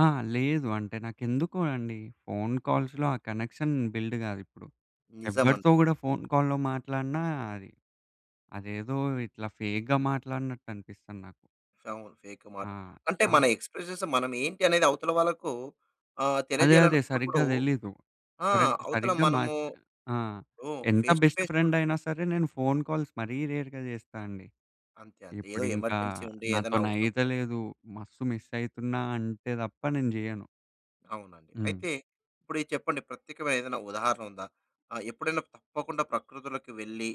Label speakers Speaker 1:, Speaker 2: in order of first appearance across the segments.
Speaker 1: ఆ! లేదు. అంటే నాకెందుకో అండి ఫోన్ కాల్స్‌‌లో ఆ కనెక్షన్ బిల్డ్ కాదు ఇప్పుడు. ఎవ్వరితో
Speaker 2: నిజమండి.
Speaker 1: కూడా ఫోన్ కాల్‌లో మాట్లాడినా అది, అదేదో ఇట్లా ఫేక్‌గా మాట్లాడినట్టనిపిస్తది నాకు.
Speaker 2: అవును. ఫేకు
Speaker 1: ఆ!
Speaker 2: మాట అంటే
Speaker 1: అం
Speaker 2: మన ఎక్స్ప్రెషన్స్ మనం ఏంటి అనేది అవతల వాళ్ళకు ఆహ్,
Speaker 1: అదే అదే.
Speaker 2: తెలియజేయాలనుకున్నప్పుడు
Speaker 1: సరిగ్గా తెలీదు.
Speaker 2: ఆ!
Speaker 1: కరక్
Speaker 2: అవతల
Speaker 1: సరిగ్గా
Speaker 2: మనము
Speaker 1: మాచ్ ఆ!
Speaker 2: హ్మ్.
Speaker 1: ఎంత
Speaker 2: ఫేస్ టు
Speaker 1: బెస్ట్
Speaker 2: ఫేస్ చూడ
Speaker 1: ఫ్రెండయినా సరే నేను ఫోన్ కాల్స్ మరీ రేర్‌గా చేస్తానండి.
Speaker 2: అంతే అంతే. ఏదో
Speaker 1: ఇప్పుడు ఇంకా
Speaker 2: ఎమర్జెన్సీ ఉండి ఏదైనా అవసరం ప
Speaker 1: నాతో‌నైతలేదు మస్తు మిసైతున్నా అంటే తప్ప నేను జేయ్యను.
Speaker 2: అవునండి.
Speaker 1: హ్మ్.
Speaker 2: అయితే ఇప్పుడిది చెప్పండి? ప్రత్యేకమైన ఏదైనా ఉదాహరణ ఉందా? ఆహ్, ఎప్పుడైనా తప్పకుండా ప్రకృతులోకి వెళ్లి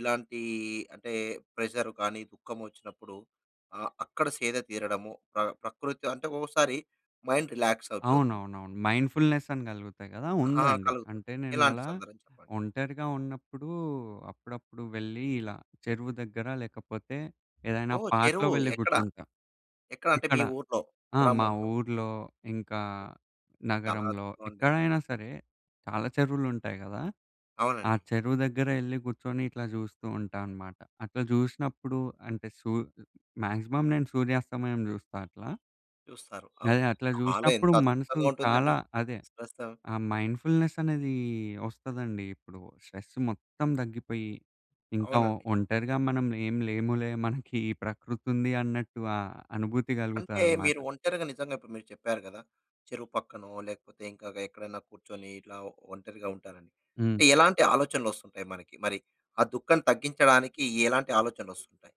Speaker 2: ఇలాంటి అంటే ప్రెషర్ కానీ దుఃఖం వచ్చినప్పుడు ఆహ్, అక్కడ సేద తీరడము, ప్ర ప్రకృతి అంటే ఒక్కోసారి మైండ్ రిలాక్స్ అయిపోతుంది.
Speaker 1: అవునవునవును. మైండ్‌ఫుల్‌నెసని కలుగుతాయి కదా
Speaker 2: ఆ!
Speaker 1: ఉందండి.
Speaker 2: కలుగుతుంది.
Speaker 1: అంటే నేను
Speaker 2: ఎలాంటి
Speaker 1: అలా
Speaker 2: సందర్భం చెప్పండి?
Speaker 1: ఒంటరిగా ఉన్నప్పుడు అప్పుడప్పుడు వెళ్ళి ఇలా చెరువు దగ్గర లేకపోతే ఏదైనా
Speaker 2: ఓహ్!
Speaker 1: పార్క్‌లో
Speaker 2: చెరువు
Speaker 1: వెళ్ళి
Speaker 2: ఎక్కడ?
Speaker 1: కూర్చుంటా,
Speaker 2: ఎక్కడంటే
Speaker 1: ఇక్కడ.
Speaker 2: మీ ఊరి‌లో,
Speaker 1: ఆ! మా
Speaker 2: గ్రామంలో?
Speaker 1: ఊరి‌లో ఇంకా
Speaker 2: చాలా
Speaker 1: నగరంలో
Speaker 2: అధ్భుతమండి.
Speaker 1: ఎక్కడైనా సరే చాలా చెరువులుంటాయి కదా! ఆ
Speaker 2: అవునండి.
Speaker 1: చెరువు దగ్గరే ఎళ్లి కూర్చొని ఇట్లా జూస్తూ ఉంటాన్నమాట అట్లా జుసినప్పుడు అంటే సూ మాక్సిమం నేను సూర్యాస్తమయం చూస్తా అట్లా.
Speaker 2: చూస్తారు.
Speaker 1: అదే
Speaker 2: అవును.
Speaker 1: అట్లా
Speaker 2: చాలా ఎంత
Speaker 1: జుసినప్పుడు మనసు
Speaker 2: అద్భుతంగా ఉంటుందండి.
Speaker 1: చాలా అదే
Speaker 2: [unintelligible]
Speaker 1: ఆ మైండ్‌ఫుల్‌నెసనేది వస్తదండి. ఇప్పుడు స్ట్రెస్ మొత్తం తగ్గిపోయి ఇంకా
Speaker 2: అవునండి.
Speaker 1: ఒంటరిగా మనం ఏం లేములే మనకి ఈ ప్రకృతుంది అన్నట్టు ఆ అనుభూతి
Speaker 2: అంటే
Speaker 1: కలుగుతాదన్నమాట.
Speaker 2: మీరు ఒంటరిగా నిజంగా ఇప్పుడు మీరు చెప్పారు కదా! చెరువు పక్కనో లేకపోతే ఇంకా గ ఎక్కడైనా కూర్చొని ఇలా ఒంటరిగా ఉంటానని.
Speaker 1: హ్మ్.
Speaker 2: అంటే ఎలాంటి ఆలోచనలొస్తుంటాయి మనకి? మరి ఆ దుఃఖం తగ్గించడానికి ఎలాంటి ఆలోచనలొస్తుంటాయి?